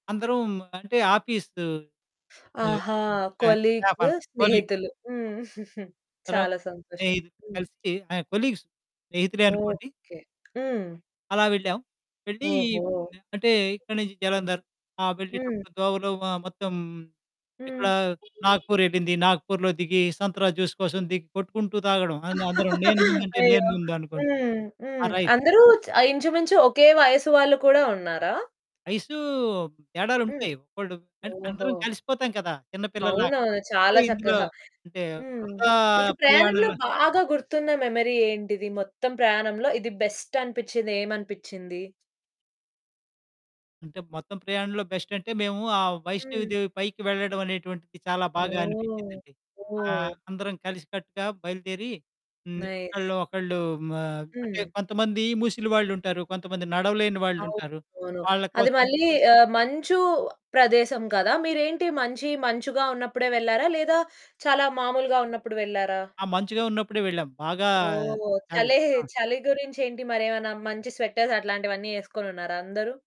అందరూ హ్మ్, అంటే ఆఫీసు ఆహా! స్టా కొలీగ్స్ స్టాఫు కొలీగ్. స్నేహితులు. హ్మ్. అ అందరం చాలా సంతోషం. స్నేహితులు కలిసి ఆహ్, కొలీగ్స్ స్నేహితులే అనుకోండి. ఓకె. హ్మ్. అలా వెళ్ళాం. వెళ్ళి ఓహో! అంటే ఇక్కడి నుంచి జలంధర్, ఆహ్, హ్మ్. వెళ్ళేటప్పుడు దోవలో మ మొత్తం ఎక్కడ హ్మ్. నాగపూర్ వెళ్ళింది, నాగపూర్‌లో దిగి సంత్రా జ్యూస్ కోసం దిగి కొట్టుకుంటూ తాగడం అందరం నేను ముందంటే నేను అయ్యో! ముందనుకోంటు. హ్మ్. ఆ! హ్మ్. రైడ్ అందరు చ ఇంచుమించు ఒకే వయసు వాళ్ళు కూడా ఉన్నారా? వయసు హ్మ్. తేడాలుంటాయి. ఒక్కోళ్లు ఓహో! అందరం కలిసిపోతాం కదా! అవును. చిన్నపిల్లల్లాగా అంటే చాలా ఇందులో చక్కగా. అంటే హ్మ్. బృందా మీకు ప్రయాణంలో ప్రయాణంలో బాగా గుర్తున్న మెమరీ ఏంటిది? మొత్తం ప్రయాణంలో ఇది బెస్టనిపించింది ఏమనిపించింది? అంటే మొత్తం ప్రయాణంలో బెస్టంటే మేము ఆ వైష్ణవి హ్మ్. దేవి పైకి వెళ్లడమనేటువంటిది చాలా బాగా ఓహ్! అనిపించిందండి. ఆహ్, ఓహ్! అందరం కలిసికట్టుగా బయలుదేరి హ్మ్, నైస్. ఒకళ్ళు ఒకళ్ళు ఆహ్, అంటే హ్మ్. కొంతమంది ముసలి వాళ్ళుంటారు. కొంతమంది నడవలేని వాళ్ళుంటారు. అవునవును. వాళ్ళ అది కోసం మళ్ళీ ఆహ్, మంచు ప్రదేశం కదా! మీరేంటి మంచి మంచుగా ఉన్నప్పుడే వెళ్లారా? లేదా చాలా మామూలుగా ఉన్నప్పుడు వెళ్లారా? ఆ! మంచుగా ఉన్నప్పుడే వెళ్ళాం. బాగా ఓహ్! చలి. చలే ఆ! చలి గురించేంటి మరేమన్నా మంచి స్వెటర్స్ అట్లాంటివన్నీ వేసుకొని ఉన్నారా అందరు?